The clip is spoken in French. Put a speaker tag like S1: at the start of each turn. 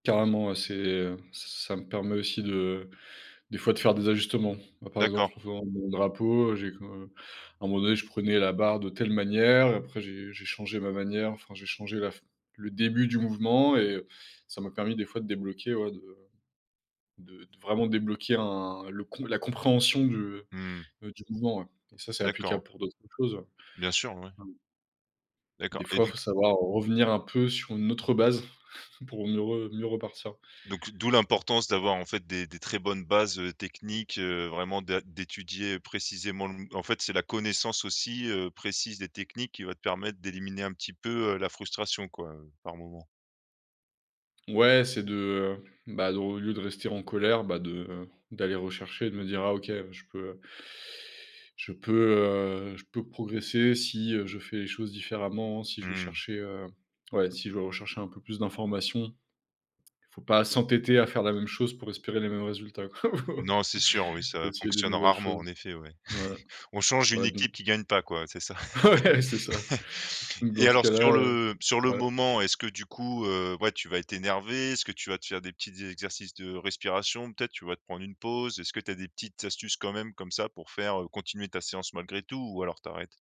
S1: Carrément, ouais. C'est, heu, s ça me permet aussi de des fois de faire des ajustements. Bah, par exemple,
S2: D'accord.
S1: en faisant mon drapeau, heu, j'ai comme, heu, à un moment donné, je prenais la barre de telle manière. Après, j'ai j'ai changé ma manière, enfin, j'ai changé la f le début du mouvement, et heu, ça m'a permis, des fois, de débloquer, ouais, de de de vraiment débloquer un le con la compréhension du, heu,
S2: Mmh.
S1: heu, du mouvement, ouais, et ça, c'est
S2: D'accord.
S1: applicable pour d'autres choses.
S2: Bien sûr, oui. D'accord,
S1: Des
S2: et
S1: fois, il
S2: donc?
S1: faut savoir revenir un peu sur une autre base, pour mieux re mieux repartir.
S2: Donc, d'où l'importance d'avoir, en fait, des des très bonnes bases, heu, techniques. Heu, vraiment det d'étudier précisément le mo en fait, c'est la connaissance aussi, heu, précise des techniques qui va te permettre d'éliminer un petit peu, heu, la frustration, quoi, heu, par moments?
S1: Ouais, c'est de, bah, de au lieu de rester en colère, bah, de, heu, d'aller rechercher et de me dire: «Ah OK, je peux», heu je peux, heu, je peux progresser si, heu, je fais les choses différemment, si je vais
S2: Mmh.
S1: chercher, heu, ouais, si je vais rechercher un peu plus d'informations. Il faut pas s'entêter à faire la même chose pour espérer les mêmes résultats, quoi.
S2: Non, c'est sûr. Oui,
S1: Faut
S2: ça
S1: essayer de
S2: fonctionne
S1: nouvelles
S2: rarement, en
S1: choses.
S2: effet. Oui.
S1: Ouais,
S2: On change une
S1: ouais,
S2: équipe
S1: donc
S2: qui gagne pas, quoi, c'est ça.
S1: Ouais, c'est ça. Donc
S2: Et
S1: dans ce
S2: alors,
S1: cas-là,
S2: sur
S1: heu,
S2: le sur le
S1: ouais.
S2: moment, est-ce que, du coup, heu, ouais, tu vas être énervé? Est-ce que tu vas te faire des petits exercices de respiration? Peut-être tu vas te prendre une pause? Est-ce que tu as des petites astuces, quand même, comme ça, pour faire, heu, continuer ta séance malgré tout ou alors tu arrêtes?